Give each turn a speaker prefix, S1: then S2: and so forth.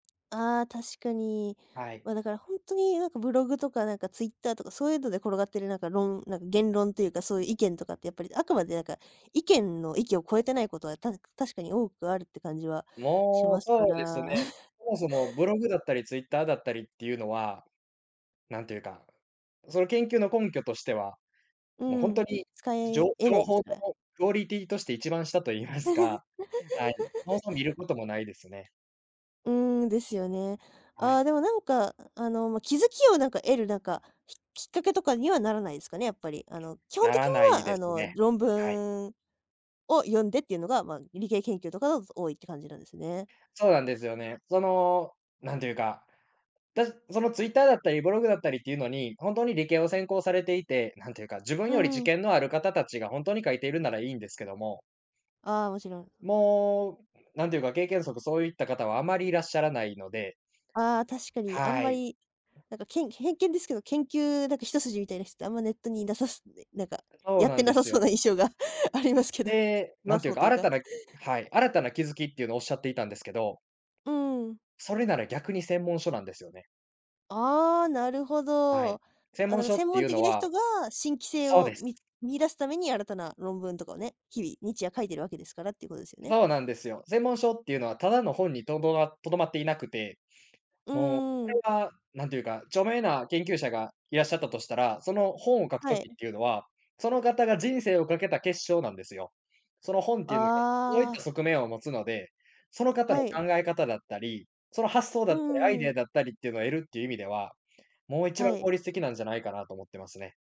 S1: ああ、確かに。
S2: はい。
S1: ま、だからほんとになんかブログとかなんかツイッターとか、そういうので転がってなんかろんなんか言論っていうか、そういう意見とかってやっぱり、あくまでなんか、意見の域を超えてないことはた確かに多くあるって感じはし
S2: も
S1: ま
S2: う
S1: すか
S2: そうですね。
S1: ら。
S2: そもそもブログだったり、ツイッターだったりっていうのは、なんていうか、その研究の根拠としては、
S1: う
S2: もうほ
S1: ー
S2: んと
S1: ん、
S2: に
S1: 使
S2: じ
S1: え
S2: ょ
S1: えな
S2: 情
S1: いで
S2: 報
S1: す
S2: の
S1: から。
S2: クオリティとして一番下と言いますか、はい、そも そも見ることもないですね。
S1: うーん、ですよね。
S2: は
S1: あ
S2: い。
S1: あ、でもなんか、あの、ま、気づきをなんか得るなんか、ききっかけとかにはならないですかね、やっぱり。あの、基本
S2: な
S1: 的に
S2: らない
S1: は
S2: で
S1: あ
S2: す
S1: の、
S2: ね、
S1: 論
S2: はい。
S1: 文を読んでっていうのが、ま、理系研究とかが多いっていう感じなんですね。
S2: そうなんですよね。その、なんていうか、だそのツイッターだったりブログだったりっていうのに、ほんとに理系を専攻されていて、何ていうか、自分
S1: う
S2: より
S1: ー
S2: 知
S1: ん。
S2: 見のある方たちがほんとに書いているならいいんですけども
S1: ああ、もちろん。
S2: もう、なんていうか、経験則、そういった方はあまりいらっしゃらないので
S1: ああ、確かにあん
S2: は
S1: ま
S2: い。
S1: り、なんかけん、偏見ですけど、研究なんか一筋みたいな人ってあんまネットにいなさそなんか
S2: そう
S1: やっ
S2: な
S1: て
S2: ん
S1: な
S2: で
S1: さ
S2: す
S1: そう
S2: よ。
S1: な印象がありますけど。
S2: で、
S1: いな
S2: 何てい
S1: そ
S2: う
S1: う
S2: か、
S1: という
S2: 新
S1: か。
S2: たなはい、新たな気づきっていうのをおっしゃっていたんですけど
S1: うーん。
S2: それなら逆に専門書なんですよね。
S1: ああ、なるほ
S2: は
S1: ど。
S2: い。専
S1: あ、だ
S2: 門
S1: か
S2: 書
S1: 専
S2: って
S1: 門
S2: いう
S1: 的
S2: の
S1: な
S2: は
S1: 人が、新規性
S2: そう
S1: を
S2: です。
S1: み見出すために、新たな論文とかをね、日々、日夜書いているわけですからっていうことですよね？
S2: そうなんですよ。専門書っていうのは、ただの本にとど留まっていなくて、
S1: う
S2: もうこ
S1: ー
S2: れ
S1: ん。
S2: は、何ていうか、著名な研究者がいらっしゃったとしたら、その本を書く
S1: はい。
S2: 時っていうのは、その方が人生を賭けた結晶なんですよ。その本っていうのが、そういっ
S1: あ
S2: た
S1: あ。
S2: 側面を持つので、その方の
S1: はい。
S2: 考え方だったり、その発想
S1: う
S2: だっ
S1: ん
S2: たり、ア
S1: う
S2: イ
S1: んう
S2: ディ
S1: ん。
S2: アだったりっていうのを得るっていう意味では、もう一
S1: は
S2: 番効
S1: い。
S2: 率的なんじゃないかなと思ってますね。